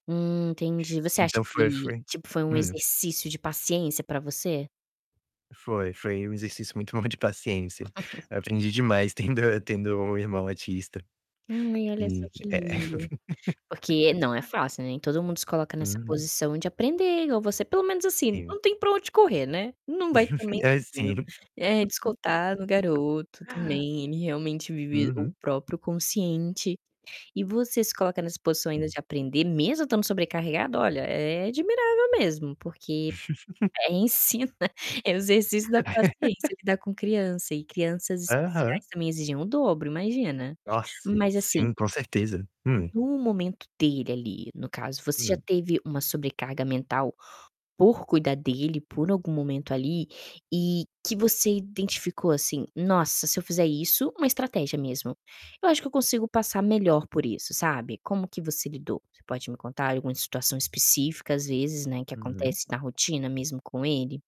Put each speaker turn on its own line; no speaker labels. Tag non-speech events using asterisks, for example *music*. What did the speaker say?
Hum, entendi, você acha
Então, foi
que,
foi
tipo, foi um
hum.
exercício de paciência pra você?
Foi, foi um exercício muito bom de paciência.
*laughs*
Aprendi demais tendo tendo um irmão autista.
Hum, ai, olha só
E
que
é é
lindo. Porque
*laughs*
não é fácil, nem todo mundo se coloca nessa
Uhum.
posição de aprender igual você pelo menos, assim,
Sim.
não tem pra onde correr, né. Não vai também
*chuckles* É,
tadinho,
sim.
eh, descontar no
*laughs*
garoto também, ele realmente vive o
Uhum.
próprio consciente. E você se coloca nessa posição ainda
Sim.
de aprender, mesmo estando sobrecarregado olha, é admirável mesmo, porque
*chuckles*
é ensina é o exercício da
*laughs*
paciência, lidar com criança e crianças
Aham.
especiais também exigem o dobro, imagina.
Nossa,
Mas assim
sim, com certeza. Hum.
no momento dele ali, no caso, você já
Hum.
teve uma sobrecarga mental por cuidar dele por algum momento, ali, e que você identificou assim: "Nossa, se eu fizer isso uma estratégia mesmo, eu acho que eu consigo passar melhor por isso", sabe, como que você lidou? Você pode me contar alguma situação específica, às vezes, né, que
Uhum.
acontece na rotina mesmo com ele?